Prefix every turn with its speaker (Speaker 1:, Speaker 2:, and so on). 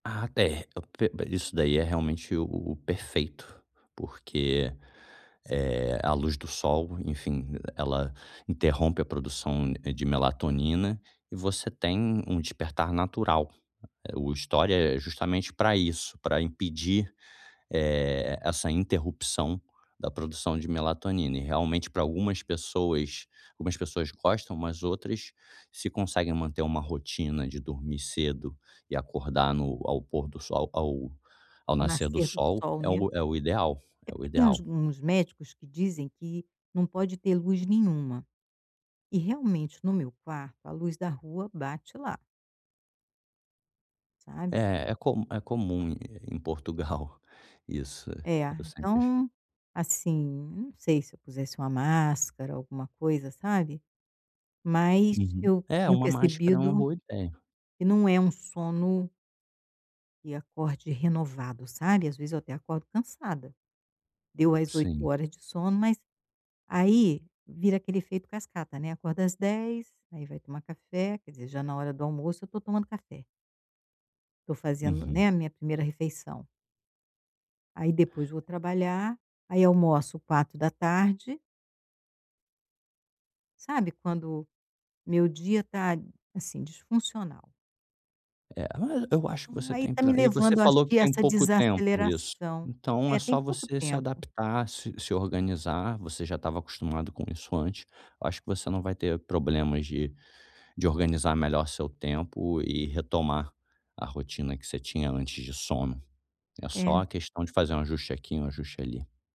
Speaker 1: Ah, é. Eu p p isso daí é realmente o o perfeito, porque, eh, a luz do sol, enfim, ela interrompe a produção, eh, de melatonina e você tem um despertar natural, eh, o estore é justamente para isso, para impedir, eh, essa interrupção da produção de melatonina e realmente para algumas pessoas algumas pessoas gostam, mas outras se conseguem manter uma rotina de dormir cedo e acordar no ao pôr do sol, ao ao
Speaker 2: Ao
Speaker 1: nascer do
Speaker 2: nascer do
Speaker 1: sol
Speaker 2: sol,
Speaker 1: é
Speaker 2: né.
Speaker 1: o é o ideal
Speaker 2: É
Speaker 1: é o
Speaker 2: porque tem uns
Speaker 1: ideal.
Speaker 2: uns médicos que dizem que não pode ter luz nenhuma, e realmente no meu quarto a luz da rua bate lá. Sabe?
Speaker 1: Eh, é comu é comum em Portugal isso,
Speaker 2: É,
Speaker 1: eu sempre
Speaker 2: então assim, eu não sei se eu pusesse uma máscara, alguma coisa, sabe? Mas
Speaker 1: Uhum.
Speaker 2: eu
Speaker 1: É
Speaker 2: tenho
Speaker 1: uma máscara é uma
Speaker 2: percebido
Speaker 1: boa ideia.
Speaker 2: que não é um sono que acorde renovado, sabe, às vezes eu até acordo cansada. Deu as 8
Speaker 1: Sim.
Speaker 2: horas de sono mas aí vira aquele efeito cascata, né, acorda às 10:00, aí vai tomar café, quer dizer, já na hora do almoço eu estou tomando café. Tô fazendo, né,
Speaker 1: Uhum.
Speaker 2: a minha primeira refeição. Aí depois vou trabalhar, aí almoço 16:00. Sabe quando meu dia está, assim, disfuncional?
Speaker 1: É, mas eu acho que
Speaker 2: Então,
Speaker 1: você
Speaker 2: aí
Speaker 1: tem
Speaker 2: está
Speaker 1: ple
Speaker 2: me
Speaker 1: e você
Speaker 2: levando, acho
Speaker 1: falou que
Speaker 2: que a
Speaker 1: tem
Speaker 2: essa
Speaker 1: pouco tempo isso,
Speaker 2: desaceleração.
Speaker 1: então é
Speaker 2: É, tem
Speaker 1: só
Speaker 2: pouco
Speaker 1: você se
Speaker 2: tempo.
Speaker 1: adaptar, se se organizar, você já estava acostumado com isso antes. Eu acho que você não vai ter problemas de de organizar melhor seu tempo e retomar a rotina que você tinha antes de sono. É
Speaker 2: É.
Speaker 1: só questão de fazer um ajuste aqui, um ajuste ali.